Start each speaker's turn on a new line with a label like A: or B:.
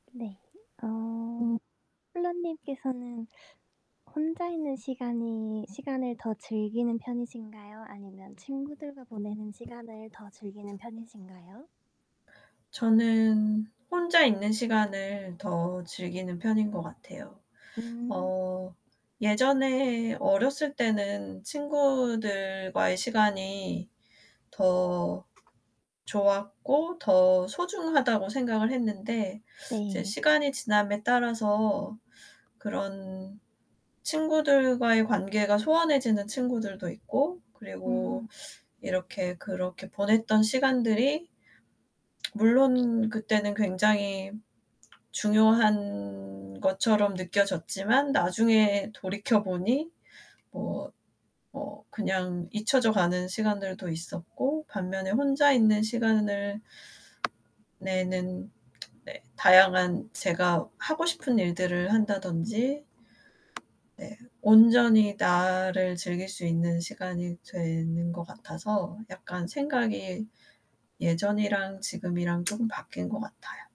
A: 네. 어.
B: 음.
A: 폴라님께서는 혼자 있는 시간이 시간을 더 즐기는 편이신가요? 아니면 친구들과 보내는 시간을 더 즐기는 편이신가요?
B: 저는 혼자 있는 시간을 더 즐기는 편인 것 같아요.
A: 음.
B: 어 예전에 어렸을 때는 친구들과의 시간이 더 좋았고 더 소중하다고 생각을 했는데 이제
A: 네.
B: 시간이 지남에 따라서 그런 친구들과의 관계가 소원해지는 친구들도 있고 그리고
A: 음.
B: 이렇게 그렇게 보냈던 시간들이 물론 그때는 굉장히 중요한 것처럼 느껴졌지만 나중에 돌이켜 보니 뭐, 뭐 그냥 잊혀져 가는 시간들도 있었고 반면에 혼자 있는 시간을 내는 네. 다양한 제가 하고 싶은 일들을 한다든지 네. 온전히 나를 즐길 수 있는 시간이 되는 것 같아서 약간 생각이 예전이랑 지금이랑 쪼금 바뀐 것 같아요.